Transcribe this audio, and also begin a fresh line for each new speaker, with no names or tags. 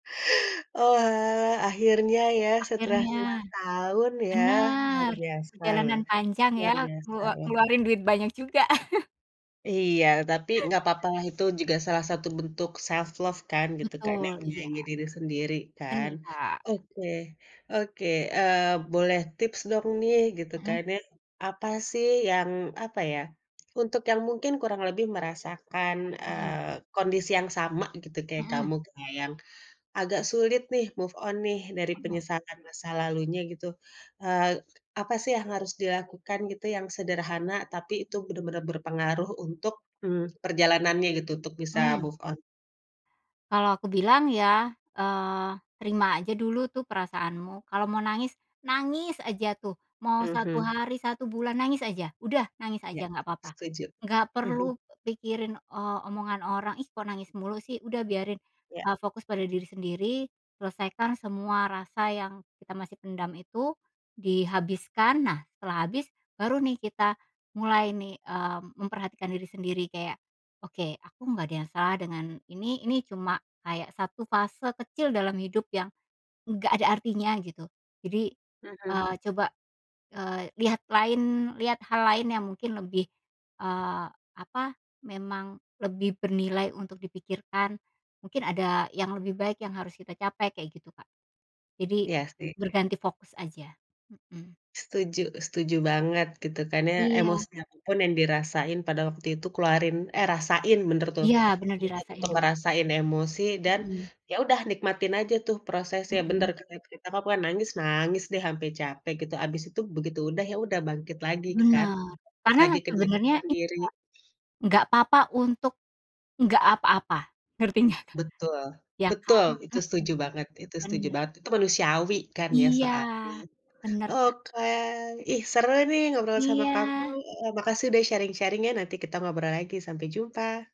Oalah akhirnya ya setelah cuma
Akhirnya,
setahun ya luar
benar
biasa loh
perjalanan panjang
luar
ya nge
biasa loh.
ngeluarin duit banyak juga.
Iya tapi gapapalah itu juga salah satu bentuk self love kan gitu karena
Betul iya.
menyayangi diri sendiri kan,
Bener, Kak.
oke oke, eee, boleh tips dong nih gitu
Mhm.
kan ya, apa sih yang apa ya, untuk yang mungkin kurang lebih merasakan,
Mhm.
eee, kondisi yang sama gitu kayak
Mhm.
kamu yang, agak sulit nih move on nih dari
Mhm.
penyesalan masa lalunya gitu, eee, apa sih yang harus dilakukan gitu yang sederhana tapi itu benar-benar berpengaruh untuk, mmm, perjalanannya gitu untuk bisa
Mmm.
move on?
Kalau aku bilang ya, eee, terima aja dulu tuh perasaanmu kalau mau nangis nangis aja tuh mau 1
Mhm.
hari 1 bulan nangis aja udah nangis
Ya
aja gapapa,
setuju,
nggak
mhm.
perlu pikirin, eee, omongan orang, ih, kok nangis mulu sih? Udah biarin,
Ya.
eee, fokus pada diri sendiri selesaikan semua rasa yang kita masih pendam itu, dihabiskan nah setelah habis baru nih kita mulai nih, eee, memperhatikan diri sendiri kayak, oke aku nggak ada yang salah dengan ini ini cuma kayak 1 fase kecil dalam hidup yang, nggak ada artinya gitu, jadi,
Mhm.
eee, coba, eee, lihat lain lihat hal lain yang mungkin lebih, eee, apa memang lebih bernilai untuk dipikirkan, mungkin ada yang lebih baik yang harus kita capai kayak gitu Kak, jadi,
Iya sih.
berganti fokus aja, mhm.
Setuju setuju banget gitu kan ya
Iya.
emosi apa pun yang dirasain pada waktu itu keluarin, eh, rasain bener tuh
Iya bener
[unintelligible]
dirasain
untuk
dulu.
ngerasain emosi dan,
Mhm.
ya udah nikmatin aja tuh prosesnya bener
Mhm.
[unintelligible] nangis nangis deh ampe capek gitu abis itu begitu udah ya udah bangkit lagi kan
Bener,
[unintelligible]
karena
lagi ke diri
sebenernya [unintelligible]
sendiri.
Kak, gapapa untuk, nggak apa-apa ngerti nggak, Kak?
Betul
Iya kan?
betul itu
Mhm,
setuju banget itu setuju
bener.
banget itu manusiawi kan ya
Iya,
soalnya
bener Kak.
oke, ih, seru nih ngobrol sama kamu,
Iya.
eee, makasih udah sharing-sharing-nya nanti kita ngobrol lagi sampai jumpa.